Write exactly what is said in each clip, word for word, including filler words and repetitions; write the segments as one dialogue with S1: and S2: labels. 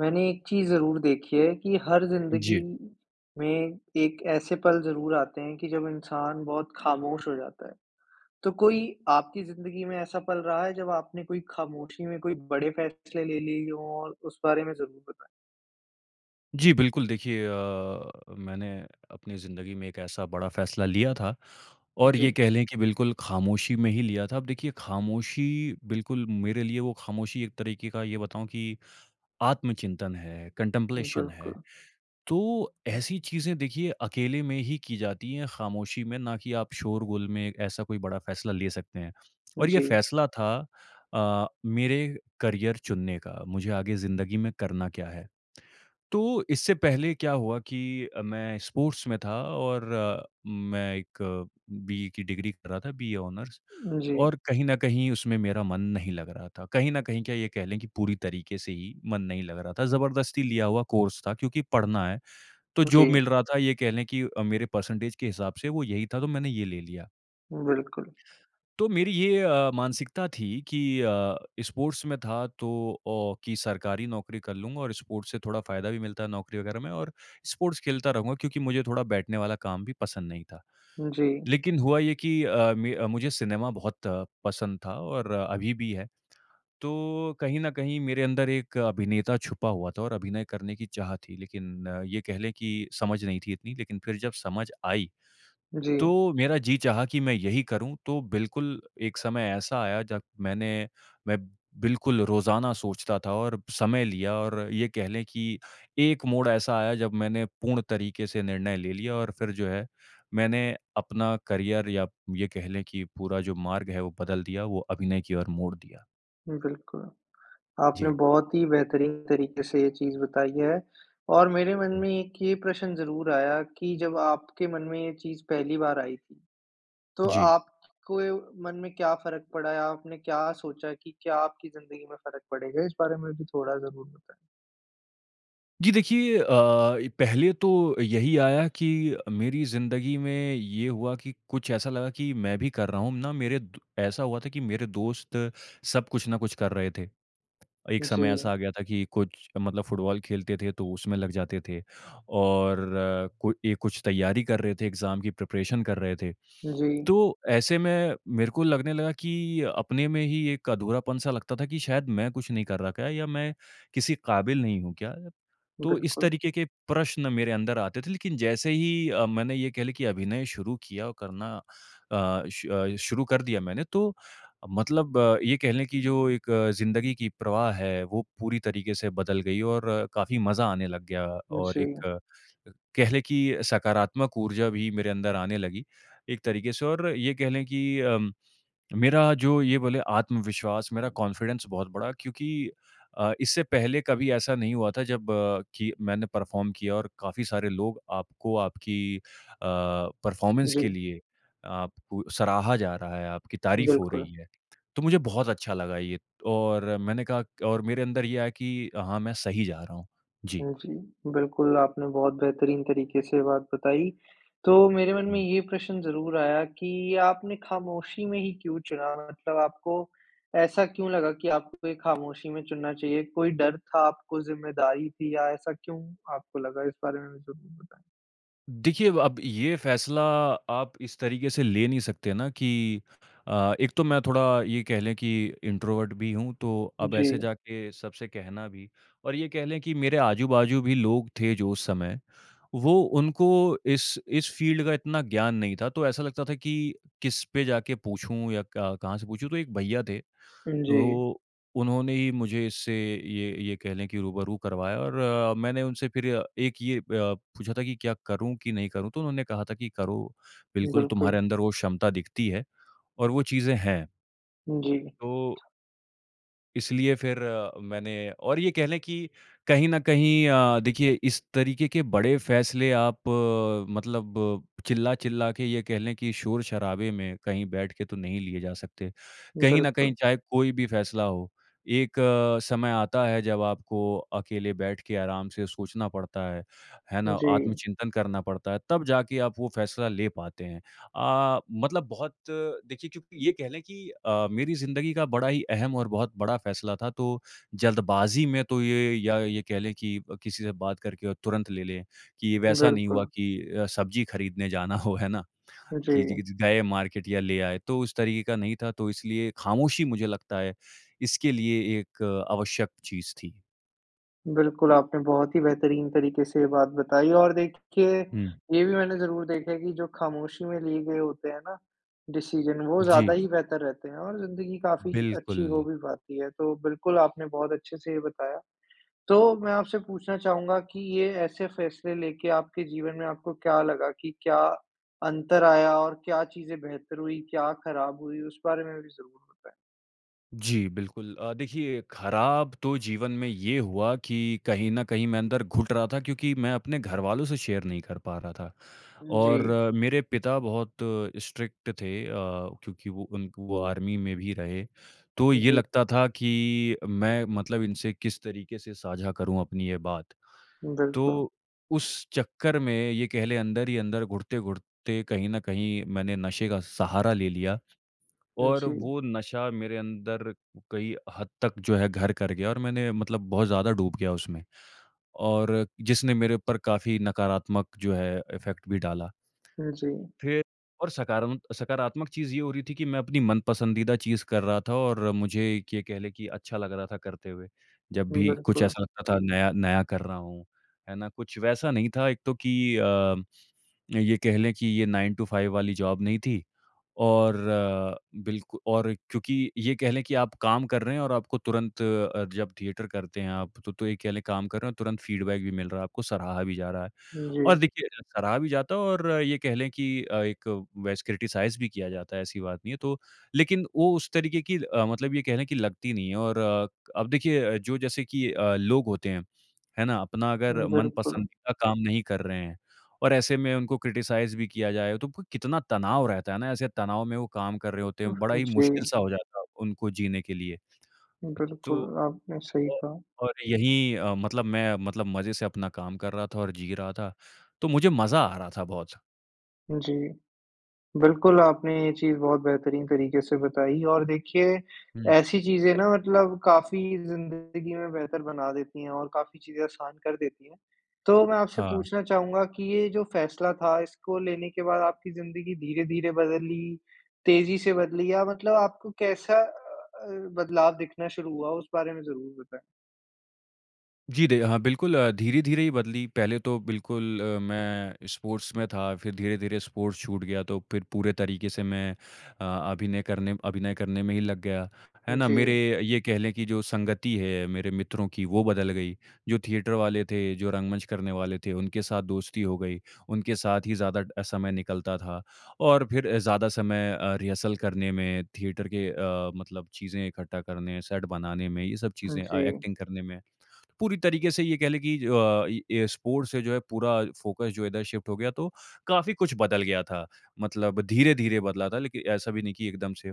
S1: मैंने एक चीज़ ज़रूर देखी है कि हर ज़िन्दगी
S2: जी।
S1: में एक ऐसे पल ज़रूर आते हैं कि जब इंसान बहुत खामोश हो जाता है। तो कोई आपकी ज़िन्दगी में ऐसा पल रहा है जब आपने कोई खामोशी में कोई बड़े फैसले ले लिए हों, और उस बारे में ज़रूर बताएँ?
S2: जी, बिल्कुल। देखिए अ, मैंने अपनी ज़िंदगी में एक ऐसा बड़ा फैसला लिया था, और ये
S1: जी।
S2: कह लें कि बिल्कुल खामोशी में ही लिया था। अब देखिए खामोशी, बिल्कुल मेरे लिए वो खामोशी एक तरीके का ये बताऊँ कि आत्मचिंतन है, कंटेम्प्लेशन है।
S1: बिल्कुल।
S2: तो ऐसी चीज़ें देखिए अकेले में ही की जाती हैं, खामोशी में, ना कि आप शोर गुल में ऐसा कोई बड़ा फैसला ले सकते हैं। और ये
S1: जी।
S2: फैसला था अ, मेरे करियर चुनने का, मुझे आगे ज़िंदगी में करना क्या है। तो इससे पहले क्या हुआ कि अ, मैं स्पोर्ट्स में था और मैं एक बीए की डिग्री कर रहा था, बीए ऑनर्स,
S1: जी।
S2: और कहीं न कहीं उसमें मेरा मन नहीं लग रहा था। कहीं न कहीं क्या, ये कह लें कि पूरी तरीके से ही मन नहीं लग रहा था, ज़बरदस्ती लिया हुआ कोर्स था क्योंकि पढ़ना है। तो जो
S1: जी।
S2: मिल रहा था, ये कह लें कि अ, मेरे परसेंटेज के हिसाब से वो यही था, तो मैंने ये ले लिया।
S1: उम, बिल्कुल।
S2: तो मेरी ये अ, मानसिकता थी कि अ, स्पोर्ट्स में था तो ओ कि सरकारी नौकरी कर लूँगा और स्पोर्ट्स से थोड़ा फ़ायदा भी मिलता है नौकरी वग़ैरह में और स्पोर्ट्स खेलता रहूँगा क्योंकि मुझे थोड़ा बैठने वाला काम भी पसंद नहीं था।
S1: जी।
S2: लेकिन हुआ ये कि अ, मे अ, मुझे सिनेमा बहुत पसंद था और अभी भी है। तो कहीं न कहीं मेरे अंदर एक अभिनेता छुपा हुआ था और अभिनय करने की चाह थी। लेकिन ये कह ले कि समझ नहीं थी इतनी। लेकिन फिर जब समझ आई। तो
S1: जी।
S2: मेरा जी चाहा कि मैं यही करूँ। तो बिल्कुल एक समय ऐसा आया जब मैंने मैं बिल्कुल रोज़ाना सोचता था और समय लिया और ये कह ले कि एक मोड़ ऐसा आया जब मैंने पूर्ण तरीके से निर्णय ले लिया और फिर जो है मैंने अपना करियर या ये कह ले कि पूरा जो मार्ग है वो बदल दिया, वो अभिनय की ओर मोड़ दिया।
S1: उम, बिल्कुल। आपने
S2: जी।
S1: बहुत ही बेहतरीन तरीके से ये चीज़ बताई है। और मेरे मन
S2: हुँ।
S1: में एक ये प्रश्न ज़रूर आया कि जब आपके मन में ये चीज़ पहली बार आई थी, तो
S2: जी।
S1: आप को य मन में क्या फ़र्क पड़ा है? आपने क्या सोचा कि क्या आपकी ज़िंदगी में फ़र्क पड़ेगा? इस बारे में भी थोड़ा ज़रूर बताएँ।
S2: जी, देखिए अ, पहले तो यही आया कि मेरी ज़िंदगी में ये हुआ कि कुछ ऐसा लगा कि मैं भी कर रहा हूँ ना, मेरे द ऐसा हुआ था कि मेरे दोस्त सब कुछ ना कुछ कर रहे थे। एक समय
S1: जी।
S2: ऐसा आ गया था कि कुछ मतलब फुटबॉल खेलते थे, तो उसमें लग जाते थे और कोई ऐ कुछ तैयारी कर रहे थे, एग्ज़ाम की प्रिपरेशन कर रहे थे।
S1: जी।
S2: तो ऐसे में मेरे को लगने लगा कि अपने में ही एक अधूरापन-सा लगता था कि, "शायद मैं कुछ नहीं कर रहा क्या? या मैं किसी काबिल नहीं हूँ क्या?" तो इस
S1: बिल्कुल।
S2: तरीके के प्रश्न मेरे अंदर आते थे, लेकिन जैसे ही अ, मैंने ये कह लें कि अभिनय शुरू किया करना अ, श अ, शुरू कर दिया मैंने, तो मतलब ये कह लें कि जो एक ज़िंदगी की प्रवाह है, वो पूरी तरीके से बदल गई और काफ़ी मज़ा आने लग गया
S1: उम,
S2: और एक
S1: जी।
S2: अ, कह लें कि सकारात्मक ऊर्जा भी मेरे अंदर आने लगी, एक तरीके से और ये कह लें कि अ, मेरा जो ये बोले आत्मविश्वास, मेरा कॉन्फिडेंस बहुत बढ़ा क्योंकि अ, इससे पहले कभी ऐसा नहीं हुआ था, जब कि मैंने परफ़ॉर्म किया और काफ़ी सारे लोग आपको आपकी अ, परफ़ॉर्मेंस के
S1: जी।
S2: लिए आपको सराहा जा रहा है, आपकी तारीफ हो
S1: बिल्कुल।
S2: रही है। तो मुझे बहुत अच्छा लगा ये और मैंने कहा क और मेरे अंदर ये आया कि अ, हाँ, मैं सही जा रहा हूँ। जी।
S1: हुँ, जी। बिल्कुल, आपने बहुत बेहतरीन तरीके से ये बात बताई। तो मेरे मन में
S2: हुँ।
S1: ये प्रश्न ज़रूर आया कि आपने खामोशी में ही क्यों चुना? मतलब आपको ऐसा क्यों लगा कि आपको ये खामोशी में चुनना चाहिए? कोई डर था आपको, ज़िम्मेदारी थी या ऐसा क्यों आपको लगा? इस बारे में ज़रूर बताएँ।
S2: देखिए व अब ये फ़ैसला आप इस तरीके से ले नहीं सकते ना कि अ, एक तो मैं थोड़ा ये कह लें कि इंट्रोवर्ट भी हूँ तो अब ऐसे
S1: जी।
S2: जाके सबसे कहना भी और ये कह लें कि मेरे आजू-बाजू भी लोग थे जो उस समय वो उनको इस इस फ़ील्ड का इतना ज्ञान नहीं था। तो ऐसा लगता था कि किस पे जाके पूछूँ या क कहाँ से पूछूँ? तो एक भईया थे
S1: उम, जी।
S2: तो उन्होंने ही मुझे इससे ये ये कह लें कि रूबरू करवाया और मैंने उनसे फ़िर एक ये अ, पूछा था कि, "क्या करूँ कि नहीं करूँ?" तो उन्होंने कहा था कि "करो। बिल्कुल, तुम्हारे
S1: बिल्कुल।
S2: अंदर वो क्षमता दिखती है और वो चीज़ें हैं।
S1: उम, जी।
S2: तो इसलिए फिर अ, मैंने और ये कह लें कि कहीं न कहीं अ, देखिए इस तरीके के बड़े फैसले आप मतलब चिल्ला-चिल्ला के ये कह लें कि शोर-शराबे में कहीं बैठ के तो नहीं लिए जा सकते। कहीं न कहीं
S1: बिल्कुल।
S2: चाहे कोई भी फैसला हो। एक समय आता है जब आपको अकेले बैठ के आराम से सोचना पड़ता है। है ना?
S1: जी।
S2: आत्मचिंतन करना पड़ता है तब जाके आप वो फैसला ले पाते हैं। अ, मतलब बहुत देखिए क्योंकि ये कह लें कि अ, मेरी ज़िंदगी का बड़ा ही अहम और बहुत बड़ा फैसला था, तो जल्दबाज़ी में तो ये या ये कह लें कि किसी से बात करके और तुरंत ले लें कि वैसा नहीं हुआ
S1: बिल्कुल।
S2: कि अ, सब्जी खरीदने जाना हो, है ना? कि
S1: जी।
S2: जिग जि जाए मार्केट या ले आए। तो उस तरीके का नहीं था तो इसलिए ख़ामोशी मुझे लगता है इसके लिए एक आवश्यक चीज़ थी।
S1: बिल्कुल, आपने बहुत ही बेहतरीन तरीके से ये बात बताई और देखिए,
S2: हुँ।
S1: ये भी मैंने ज़रूर देखा है कि जो खामोशी में लिए गए होते हैं ना, डिसीज़न, वो ज़्यादा
S2: जी।
S1: ही बेहतर रहते हैं और ज़िंदगी काफ़ी
S2: बिल्कुल।
S1: अच्छी हो भी पाती है। तो बिल्कुल आपने बहुत अच्छे से ये बताया। तो मैं आपसे पूछना चाहूँगा कि ये ऐसे फ़ैसले लेके आपके जीवन में आपको क्या लगा कि क्या अंतर आया और क्या चीज़ें बेहतर हुईं? क्या खराब हुईं? उस बारे में भी ज़रूर बताएँ।
S2: जी, बिल्कुल। अ, देखिए, खराब तो जीवन में ये हुआ कि कहीं न कहीं मैं अंदर घुट रहा था क्योंकि मैं अपने घरवालों से शेयर नहीं कर पा रहा था
S1: उम,
S2: और
S1: जी।
S2: मेरे पिता बहुत स्ट्रिक्ट थे अ, क्योंकि वो उन क वो आर्मी में भी रहे। तो ये
S1: जी।
S2: लगता था कि मैं मतलब इनसे किस तरीके से साझा करूँ अपनी ये बात?
S1: बिल्कुल।
S2: तो उस चक्कर में ये कह लें, अंदर ही अंदर घुटते-घुटते कहीं न कहीं मैंने नशे का सहारा ले लिया
S1: उम,
S2: और
S1: जी।
S2: वो नशा मेरे अंदर कई हद तक जो है, घर कर गया और मैंने मतलब बहुत ज़्यादा डूब गया उसमें, और जिसने मेरे ऊपर काफ़ी नकारात्मक जो है, अफ़ेक्ट भी डाला।
S1: उम, जी।
S2: फिर और सकारम सकारात्मक चीज़ ये हो रही थी कि मैं अपनी मनपसंदीदा चीज़ कर रहा था और मुझे एक ये कह लें कि अच्छा लग रहा था करते हुए। जब
S1: उम,
S2: भी कुछ
S1: बिल्कुल।
S2: ऐसा लगता था, नया नया कर रहा हूँ। है ना? कुछ वैसा नहीं था, एक तो कि अ, अ, ये कह लें कि ये नाइन टू फाइव वाली जॉब नहीं थी और बिल्कु और क्योंकि ये कह लें कि आप काम कर रहे हैं और आपको तुरंत अ, जब थिएटर करते हैं आप, तो तो ये कह लें, काम कर रहे हैं और तुरंत फ़ीडबैक भी मिल रहा है आपको, सराहा भी जा रहा है।
S1: उम,
S2: और
S1: जी।
S2: देखिए, ज सराहा भी जाता है और ये कह लें कि अ, एक वैस क्रिटिसाइज़ भी किया जाता है, ऐसी बात नहीं है। तो लेकिन वो उस तरीके की अ, मतलब ये कह लें कि लगती नहीं है और अब देखिए अ, जो जैसे कि अ, लोग होते हैं, है ना? अपना अगर
S1: उम, बिल्कुल।
S2: मनपसंदीदा का काम नहीं कर रहे हैं और ऐसे में उनको क्रिटिसाइज़ भी किया जाए, तो क कितना तनाव रहता है ना? ऐसे तनाव में वो काम कर रहे होते हैं। बड़ा
S1: उहुँ,
S2: ही
S1: जी।
S2: मुश्किल-सा हो जाता है, उनको जीने के लिए।
S1: बिल्कुल,
S2: तो
S1: आपने सही
S2: अ,
S1: कहा।
S2: और यही अ, मतलब मैं मतलब मज़े से अपना काम कर रहा था और जी रहा था। तो मुझे मज़ा आ रहा था बहुत।
S1: जी। बिल्कुल आपने ये चीज़ बहुत बेहतरीन तरीके से बताई और देखिए
S2: हुँ।
S1: ऐसी चीज़ें ना मतलब काफ़ी ज़िन्दगी में बेहतर बना देती हैं और काफ़ी चीज़ें आसान कर देती हैं। तो मैं आपसे
S2: हाँ।
S1: पूछना चाहूँगा कि ये जो फैसला था इसको लेने के बाद आपकी ज़िन्दगी धीरे-धीरे बदली, तेज़ी से बदली या मतलब आपको कैसा अ अ, बदलाव दिखना शुरू हुआ? उस बारे में ज़रूर बताएँ।
S2: जी, दे हाँ, बिल्कुल धीरे-धीरे ही बदली। पहले तो बिल्कुल मैं स्पोर्ट्स में था। फिर धीरे-धीरे स्पोर्ट्स छूट गया तो फिर पूरे तरीके से मैं अ, अभिनय करने अभिनय करने में ही लग गया, है
S1: उम,
S2: ना? मेरे
S1: जी।
S2: ये कह लें की जो संगति है मेरे मित्रों की वो बदल गयी, जो थिएटर वाले थे, जो रंगमंच करने वाले थे उनके साथ दोस्ती हो गई। उनके साथ ही ज़्यादा अ, समय निकलता था। और फिर ज़्यादा समय अ, रिहर्सल करने में थिएटर के अ, मतलब चीज़ें इकट्ठा करने सेट बनाने में ये सब
S1: उम,
S2: चीज़ें अ,
S1: जी।
S2: एक्टिंग करने में। पूरी तरीके से ये कह लें की ज अ, ये स्पोर्ट्स से जो है पूरा फोकस जो है इधर शिफ्ट हो गया तो काफ़ी कुछ बदल गया था। मतलब धीरे-धीरे बदला था लेकिन ऐसा भी नहीं की एकदम से।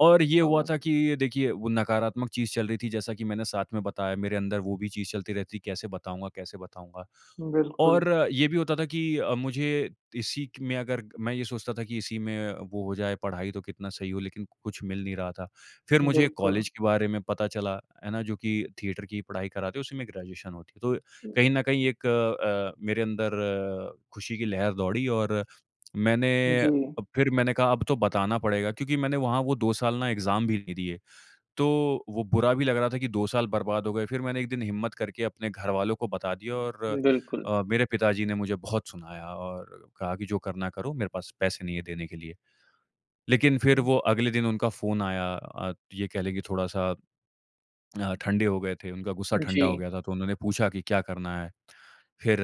S2: और ये हुआ
S1: अव
S2: था कि देखिए वो नकारात्मक चीज़ चल रही थी, जैसा की मैंने साथ में बताया मेरे अंदर वो भी चीज़ चलती रहती कैसे बताऊँगा? कैसे बताऊँगा?
S1: बिल्कुल।
S2: और ये भी होता था कि अ, मुझे इसी क में अगर मैं ये सोचता था कि इसी में वो हो जाए पढ़ाई तो कितना सही हो लेकिन कुछ मिल नहीं रहा था। फिर मुझे
S1: बिल्कुल।
S2: कॉलेज के बारे में पता चला है ना, जो कि थिएटर की पढ़ाई कराते उसी में ग्रेजुएशन होती है। तो कहीं न कहीं एक अ अ, मेरे अंदर खुशी की लहर दौड़ी और मैंने अ,
S1: जी।
S2: फिर मैंने कहा अब तो बताना पड़ेगा। क्योंकि मैंने वहाँ वो दो साल ना एग्ज़ाम भी नहीं दिए। तो वो बुरा भी लग रहा था कि दो साल बर्बाद हो गए। फिर मैंने एक दिन हिम्मत करके अपने घरवालों को बता दिया और
S1: बिल्कुल।
S2: अ, मेरे पिताजी ने मुझे बहुत सुनाया और कहा कि जो करना है करो मेरे पास पैसे नहीं है देने के लिए। लेकिन फिर
S1: उम
S2: वो अगले दिन उनका फ़ोन आया। अ, ये कह लें कि थोड़ा-सा अ, ठंडे हो गए थे। उनका गुस्सा ठंडा हो
S1: जी।
S2: गया था तो उन्होंने पूछा कि, "क्या करना है?" फिर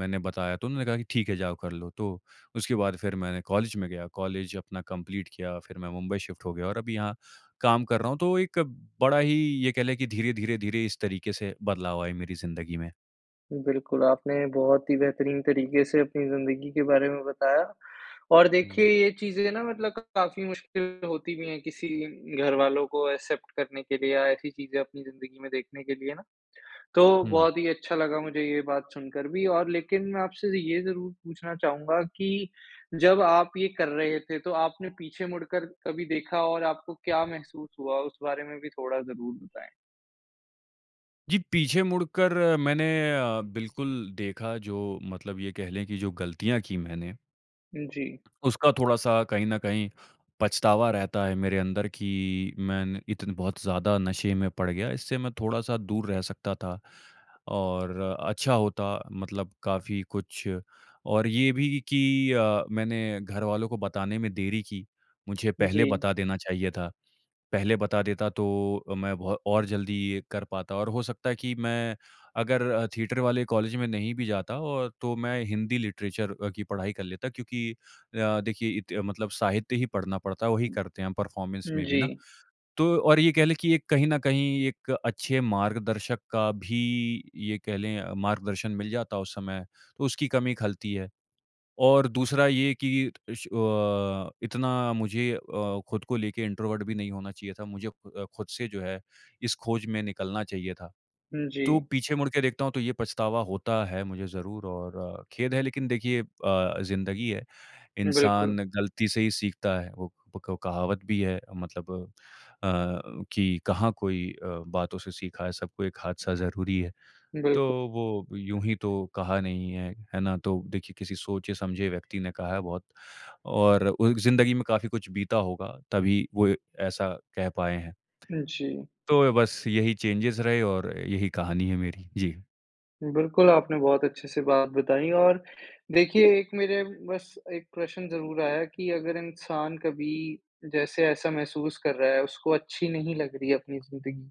S2: मैंने बताया तो उन्होंने कहा कि, "ठीक है जाओ कर लो।" तो उसके बाद फिर मैंने कॉलेज में गया। कॉलेज अपना कम्पलीट किया। फिर मैं मुंबई शिफ्ट हो गया और अभी यहाँ काम कर रहा हूँ। तो एक बड़ा ही ये कह लें की धीरे-धीरे धीरे इस तरीके से बदलाव आए मेरी ज़िन्दगी में।
S1: बिल्कुल आपने बहुत ही बेहतरीन तरीके से अपनी ज़िंदगी के बारे में बताया और देखिए
S2: हुँ।
S1: ये चीज़ें न मतलब क काफ़ी मुश्किल होती भी है किसी घरवालों को एक्सेप्ट करने के लिए या ऐसी चीज़ें अपनी ज़िंदगी में देखने के लिए न। तो
S2: हुँ।
S1: बहुत ही अच्छा लगा मुझे ये बात सुनकर भी और लेकिन मैं आपसे ये ज़रूर पूछना चाहूँगा कि जब आप ये कर रहे थे तो आपने पीछे मुड़कर कभी देखा और आपको क्या महसूस हुआ? उस बारे में भी थोड़ा ज़रूर बताएँ।
S2: जी पीछे मुड़कर मैंने अ बिल्कुल देखा जो मतलब ये कह लें की जो गलतियाँ की मैंने
S1: जी।
S2: उसका थोड़ा-सा कहीं न कहीं पछतावा रहता है मेरे अंदर कि मैंने इतने बहुत ज़्यादा नशे में पड़ गया, इससे मैं थोड़ा-सा दूर रह सकता था। और अच्छा होता मतलब काफ़ी कुछ और ये भी कि अ मैंने घरवालों को बताने में देरी की। मुझे पहले
S1: जी।
S2: बता देना चाहिए था। पहले बता देता तो अ मैं बहो और जल्दी ये कर पाता और हो सकता है कि मैं अगर अ थिएटर वाले कॉलेज में नहीं भी जाता और तो मैं हिंदी लिटरेचर अ की पढ़ाई कर लेता। क्योंकि अ देखिए इते मतलब साहित्य ही पढ़ना पड़ता है वही करते हैं हम परफॉर्मेंस
S1: हुँ
S2: में भी न।
S1: जी।
S2: तो और ये कह लें कि एक कहीं न कहीं एक अच्छे मार्गदर्शक का भी ये कह लें मार्गदर्शन मिल जाता उस समय, तो उसकी कमी ख़लती है। और दूसरा ये कि इश अ इतना मुझे अ खुद को लेके इंट्रोवर्ट भी नहीं होना चाहिए था। मुझे खु अ खुद से जो है इस खोज में निकलना चाहिए था।
S1: हुँ
S2: तो
S1: जी।
S2: पीछे मुड़ के देखता हूँ तो ये पछतावा होता है मुझे ज़रूर और खेद है लेकिन देखिए अ ज़िंदगी है।
S1: बिल्कुल।
S2: इंसान गलती से ही सीखता है। वो पक कहावत भी है मतलब अ कि कहाँ कोई अ बातों से सीखा है सबको एक हादसा ज़रूरी है। तो
S1: बिल्कुल।
S2: वो यूँ ही तो कहा नहीं है। है न? तो देखिए किसी सोचे समझे व्यक्ति ने कहा है बहुत और ओ एक ज़िंदगी में काफ़ी कुछ बीता होगा, तभी वो ऐसा कह पाए हैं।
S1: जी।
S2: तो ए बस यही चेंजेज रहे और यही कहानी है मेरी। जी।
S1: बिल्कुल, आपने बहुत अच्छे से बात बताई। और देखिए एक मेरे बस एक प्रश्न ज़रूर आया कि अगर इंसान कभी जैसे ऐसा महसूस कर रहा है उसको अच्छी नहीं लग रही है अपनी ज़िंदगी।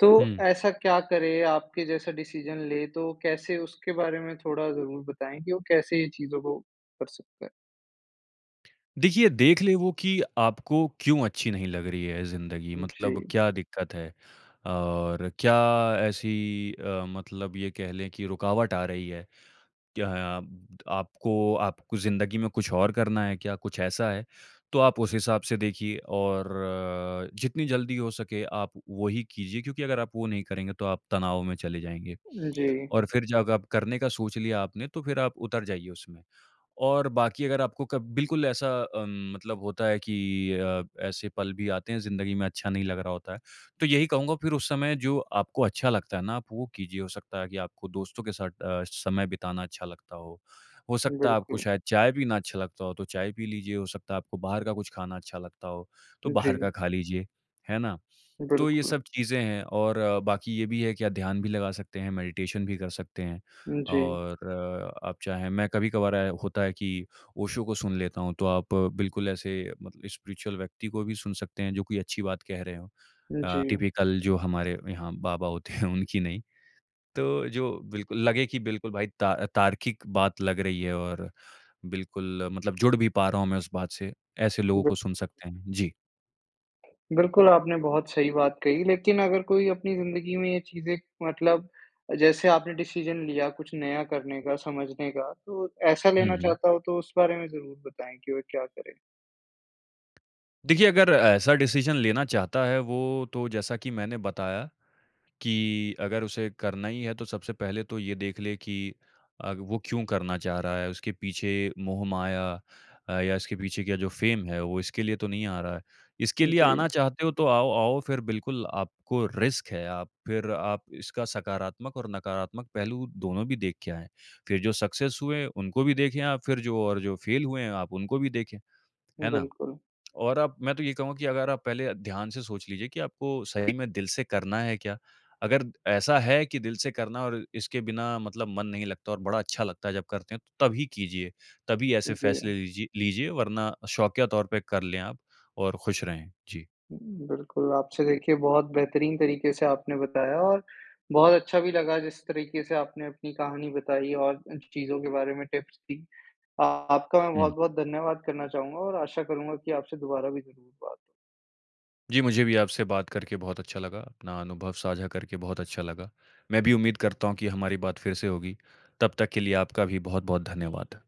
S1: तो
S2: हुँ।
S1: ऐसा क्या करे आपके जैसा डिसीज़न ले तो कैसे उसके बारे में थोड़ा ज़रूर बताएँ कि वो कैसे ये चीज़ों को कर सकता है?
S2: देखिए देख ले वो कि आपको क्यों अच्छी नहीं लग रही है ज़िंदगी मतलब
S1: जी।
S2: क्या दिक्कत है? और क्या ऐसी अ, मतलब ये कह लें कि रुकावट आ रही है? क्या अब त आपको आपको ज़िंदगी में कुछ और करना है क्या कुछ ऐसा है? तो आप उस हिसाब से देखिए। और जितनी जल्दी हो सके आप वहीं कीजिए क्योंकि अगर आप वो नहीं करेंगे तो आप तनाव में चले जाएँगे।
S1: अ, जी।
S2: और फ़िर जग आप करने का सोच लिया आपने तो फ़िर आप उतर जाइए उसमें। और बाकी अगर आपको क बिल्कुल ऐसा अम मतलब होता है कि अ, ऐसे पल भी आते हैं ज़िंदगी में अच्छा नहीं लग रहा होता है तो यही कहूँगा फ़िर उस समय जो आपको अच्छा लगता है ना आप वो कीजिए। हो सकता है कि आपको दोस्तों के साथ अ, समय बिताना अच्छा लगता हो। हो सकता है आपको
S1: बिल्कुल।
S2: शायद चाय पीना अच्छा लगता हो तो चाय पी लीजिए। हो सकता है आपको बाहर का कुछ खाना अच्छा लगता हो तो बाहर का
S1: जी।
S2: खा लीजिए। है ना? तो ये
S1: बिल्कुल।
S2: सब चीज़ें हैं और बाकी ये भी है कि या ध्यान भी लगा सकते हैं मेडिटेशन भी कर सकते हैं।
S1: जी।
S2: और आप चाहें मैं कभी-कभार अ, होता है कि ओशो को सुन लेता हूँ तो आप बिल्कुल ऐसे मत स्पिरिचुअल व्यक्ति को भी सुन सकते हैं जो कि अच्छी बात कह रहे हों। अ,
S1: जी।
S2: टिपिकल जो हमारे यहाँ बाबा होते हैं उनकी नहीं। तो जो बिल्कुल लगे कि बिल्कुल भाई ता तार्किक बात लग रही है और बिल्कुल मतलब जुड़ भी पा रहा हूँ मैं उस बात से ऐसे लोगों
S1: ब
S2: को सुन सकते हैं। जी।
S1: बिल्कुल, आपने बहुत सही बात कही। लेकिन अगर कोई अपनी ज़िन्दगी में ये चीज़ें मतलब अ, जैसे आपने डिसीज़न लिया कुछ नया करने का, समझने का तो ऐसा
S2: हुँ,
S1: लेना
S2: हुँ।
S1: चाहता हो तो उस बारे में ज़रूर बताएँ कि वो क्या करें?
S2: देखिए, अगर ऐसा डिसीज़न लेना चाहता है वो तो जैसा की मैंने बताया कि अगर उसे करना ही है तो सबसे पहले तो ये देख ले कि अग वो क्यों करना चाह रहा है? उसके पीछे मोह-माया अ, या इसके पीछे क्या जो फेम है, वो इसके लिए तो नहीं आ रहा है। इसके
S1: हुँ,
S2: लिए आना
S1: जी।
S2: चाहते हो तो आओ, आओ फिर बिल्कुल आपको रिस्क है। आप फिर आप इसका सकारात्मक और नकारात्मक पहलू दोनों भी देख के आएँ। फिर जो सक्सेस हुए उनको भी देखें आप, फिर जो और जो फेल हुए हैं आप उनको भी देखें। है
S1: उम,
S2: ना?
S1: बिल्कुल।
S2: और अब मैं तो ये कहूँगा कि अगर आप पहले ध्यान से सोच लीजिए कि आपको सही में दिल से करना है क्या? अगर द ऐसा है कि दिल से करना और इसके बिना मतलब मन नहीं लगता और बड़ा अच्छा लगता है जब करते हैं तो तभी कीजिए। तभी
S1: उ
S2: ऐसे
S1: जी।
S2: फैसले लीजि लीजिए वरना शौकिया तौर पे कर लेें आप और खुश रहें। जी।
S1: हुँ, बिल्कुल आपसे देखिए बहुत बेहतरीन तरीके से आपने बताया और बहुत अच्छा भी लगा जिस तरीके से आपने अपनी कहानी बताई और अ, च चीज़ों के बारे में टिप्स दी। आ आपका मैं
S2: हुँ, हुँ।
S1: बहुत-बहुत धन्यवाद करना चाहूँगा और आशा करूँगा की आपसे दोबारा भी ज़रूर बात हो।
S2: जी, मुझे भी आपसे बात करके बहुत अच्छा लगा। अपना अनुभव साझा करके बहुत अच्छा लगा। मैं भी उम्मीद करता हूँ कि हमारी बात फिर से होगी। तब तक के लिए आपका भी बहुत-बहुत धन्यवाद।